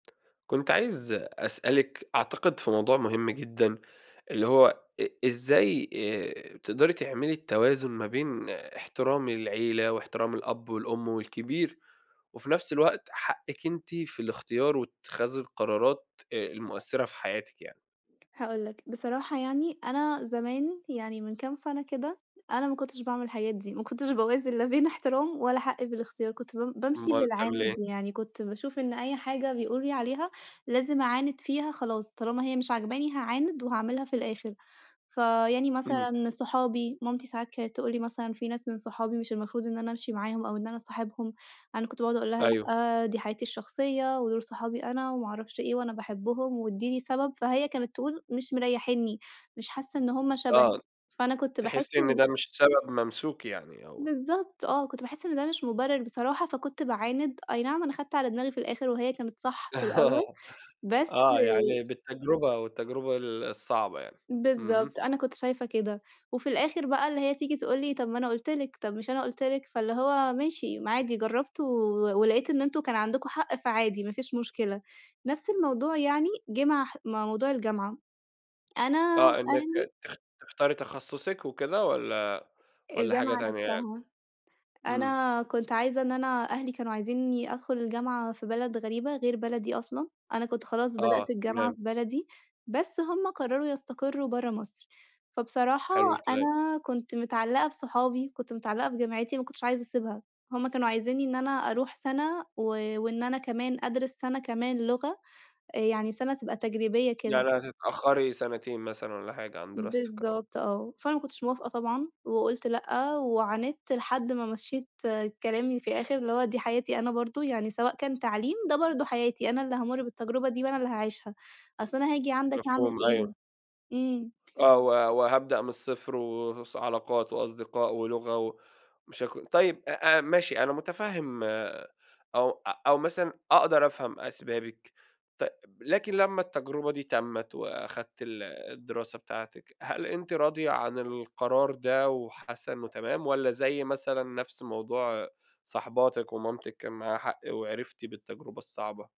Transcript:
كُنت عايز أسألِك، أعتقد في موضوع مهم جدًا اللي هو إ إزاي آآ، تقدري تعملي التوازن ما بين احترام العيلة، واحترام الأب والأم والكبير، وفي نفس الوقت حقِّك أنتِ في الاختيار واتخاذ القرارات آآ، المؤثِّرة في حياتِك يعني؟ هاقول لك، بصراحة يعني أنا زمان، يعني من كام سنة كده، أنا ما كنُتش باعمل الحاجات دي، ما كُنتش باوازن لا بين احترام ولا حقي في الاختيار، كنت بم بامشي أومّال بتعمِلي بالعِند. إيه؟ يعني كنت باشوف إن أي حاجة بيقولوا لي عليها لازم أعاند فيها خلاص، طالما هي مش عاجباني هاعاند وهاعملها في الآخر. فيعني إمم. مثلًا صحابي، مامتي ساعات كانت تقول لي مثلًا في ناس من صحابي مش المفروض إن أنا أمشي معاهم، أو إن أنا أصاحبهم. أنا كنت باقعُد أقول لها: أيوه. "لأ، دي حياتي الشخصية، ودوُل صحابي أنا وما أعرفش إيه وأنا باحبهم وادّيني سبب." فهي كانت تقول: "مش مريحينّي. مش حاسة إن هُم شبهِك." آه، فأنا كنت باحس تحسّي إن إن ده مش سبب ممسوك يعني أو بالضبط آه، كنت باحس إن ده مش مُبرر بصراحة فكُنت باعاند. أي نعم أنا خدت على دماغي في الآخر وهي كانت صح في الأول بس آه، يعني بالتجربة، والتجربة ال الصعبة يعني. اهم. بالضبط. أنا كنت شايفة كده، وفي الآخر بقى اللي هي تيجي تقول لي: "طب، ما أنا قُلت لِك، طب، مش أنا قٌلت لِك." فاللي هو ماشي ما عادي جرّبت و ولقيت إن أنتم كان عندكم حق، فعادي ما فيش مشكلة. نفس الموضوع يعني جه مع ح مع موضوع الجامعة. أنا آه، إنّك أهلي تخ تختاري تخصُّصِك وكِده؟ والّا والّا حاجة الجامعة تانية يعني؟ نفسها. إمم. أنا كنت عايزة إن أنا أهلي كانوا عايزينّي أدخل الجامعة في بلد غريبة غير بلدي أصلًا، أنا كنت خلاص بدأت آه، الجامعة تمام. في بلدي، بس هُم قرروا يستقروا برّه مصر، فبصراحة، حلو الكلام. أنا كنت متعلّقة بصُحابي، كنت متعلّقة بجامعتي، ما كنتش عايزة أسيبها. هُم كانوا عايزينّي إن أنا أروح سنة و وإن أنا كمان أدرس سنة كمان لغة آآ، يعني سنة تبقى تجريبية كده. يعني هتتأخّري سنتين مثلًا والّا حاجة عن دراستِك أو بالضبط، آه. فأنا ما كُنتش موافقة طبعًا، وقُلت لأ، وعانِدت لحد ما مشِّيت كلامي في الآخر، اللي هو دي حياتي أنا برضه. يعني سواء كان تعليم ده برضه حياتي، أنا اللي هامُرّ بالتجربة دي وأنا اللي هاعيشها، أصلً أنا هاجي عندك أعمل مفهوم، إيه؟ أيوه. إمم. آه، و وهابدأ من الصفر و وس علاقات وأصدقاء ولغة ومشاك طيب، أ أ ماشي، أنا متفهم أو أو مثلًا أقدر أفهم أسبابِك ت لكن لمّا التجربة دي تمِّت، وأخدتِ ال الدراسة بتاعتِك، هل أنتِ راضية عن القرار ده وحاسّة إنّه تمام؟ والّا زي مثلًا نفس موضوع صاحباتِك، ومامتِك كان معاها حق وعرفتِ بالتجربة الصعبة؟